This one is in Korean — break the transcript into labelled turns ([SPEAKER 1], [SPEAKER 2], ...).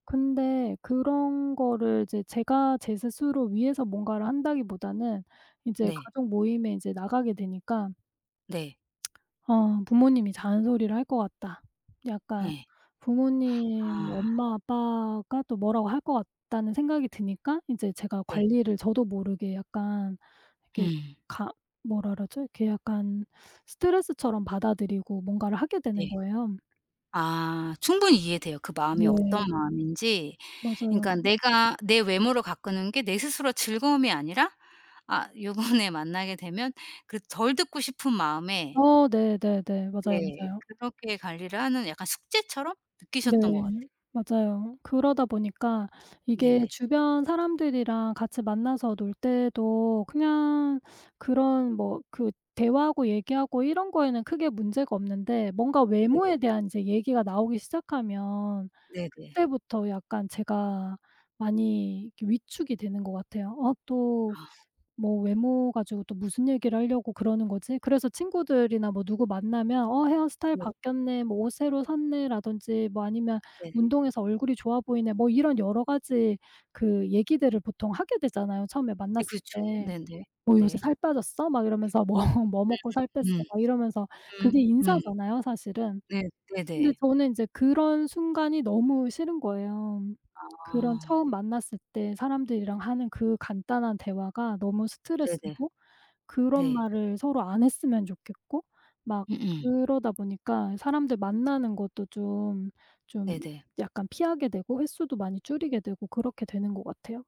[SPEAKER 1] 근데 그런 거를 이제 제가 제 스스로 위해서 뭔가를 한다기보다는 이제
[SPEAKER 2] 네.
[SPEAKER 1] 가족 모임에 인제 나가게 되니까
[SPEAKER 2] 네.
[SPEAKER 1] 어 '부모님이 잔소리를 할 것 같다. 약간
[SPEAKER 2] 예.
[SPEAKER 1] 부모님
[SPEAKER 2] 아.
[SPEAKER 1] 엄마, 아빠가 또 뭐라고 할 것 같다.'는 생각이 드니까 인제 제가
[SPEAKER 2] 네.
[SPEAKER 1] 관리를 저도 모르게 약간 이렇게
[SPEAKER 2] 음.
[SPEAKER 1] 가 뭐라 그러죠? 이렇게 약간 스트레스처럼 받아들이고 뭔가를 하게
[SPEAKER 2] 네.
[SPEAKER 1] 되는 거예요.
[SPEAKER 2] 아 충분히 이해돼요. 그 마음이 어떤
[SPEAKER 1] 네.
[SPEAKER 2] 마음인지.
[SPEAKER 1] 맞아요.
[SPEAKER 2] 그니까
[SPEAKER 1] 음.
[SPEAKER 2] 내가 내 외모를 가꾸는 게 내 스스로 즐거움이 아니라 아 요번에 만나게 되면 그 덜 듣고 싶은 마음에
[SPEAKER 1] 아 네 네 네. 맞아요,
[SPEAKER 2] 네
[SPEAKER 1] 맞아요.
[SPEAKER 2] 그렇게 관리를 하는 약간 숙제처럼
[SPEAKER 1] 네.
[SPEAKER 2] 느끼셨던 것 같아요.
[SPEAKER 1] 맞아요. 그러다 보니까 이게
[SPEAKER 2] 네네.
[SPEAKER 1] 주변 사람들이랑 같이 만나서 놀 때도 그냥 그런 뭐 그 대화하고 얘기하고 이런 거에는 크게 문제가 없는데 뭔가
[SPEAKER 2] 네네.
[SPEAKER 1] 외모에 대한 인제 얘기가 나오기 시작하면
[SPEAKER 2] 네네.
[SPEAKER 1] 그때부터 약간 제가 많이 이렇게 위축이 되는 것 같아요. 어 '또
[SPEAKER 2] 아.
[SPEAKER 1] 뭐 외모 가지고 또 무슨 얘기를 하려고 그러는 거지?' 그래서 친구들이나 뭐 누구 만나면 "어 헤어스타일
[SPEAKER 2] 네.
[SPEAKER 1] 바뀌었네." 뭐 "옷 새로 샀네?"라든지 뭐 아니면
[SPEAKER 2] 네.
[SPEAKER 1] "운동해서 얼굴이 좋아 보이네." 뭐 이런 여러 가지 그 얘기들을 보통 하게 되잖아요, 처음에
[SPEAKER 2] 네
[SPEAKER 1] 만났을
[SPEAKER 2] 그렇죠.
[SPEAKER 1] 때.
[SPEAKER 2] 네네
[SPEAKER 1] 뭐 "요새
[SPEAKER 2] 네.
[SPEAKER 1] 살 빠졌어? "막 이러면서 뭐 "뭐 먹고 살 뺐어?"
[SPEAKER 2] 음음
[SPEAKER 1] 막 이러면서
[SPEAKER 2] 음.
[SPEAKER 1] 그게
[SPEAKER 2] 음 음.
[SPEAKER 1] 인사잖아요, 사실은.
[SPEAKER 2] 네
[SPEAKER 1] 근데
[SPEAKER 2] 네네.
[SPEAKER 1] 저는 인제 그런 순간이 너무 싫은 거예요. 그런
[SPEAKER 2] 아.
[SPEAKER 1] 처음 만났을 때 사람들이랑 하는 그 간단한 대화가 너무
[SPEAKER 2] 네네
[SPEAKER 1] 스트레스고 그런
[SPEAKER 2] 네.
[SPEAKER 1] 말을 서로 안 했으면 좋겠고 막
[SPEAKER 2] 음음.
[SPEAKER 1] 그러다 보니까 사람들 만나는 것도 좀 좀
[SPEAKER 2] 네네.
[SPEAKER 1] 약간 피하게 되고 횟수도 많이 줄이게 되고 그렇게 되는 것 같아요.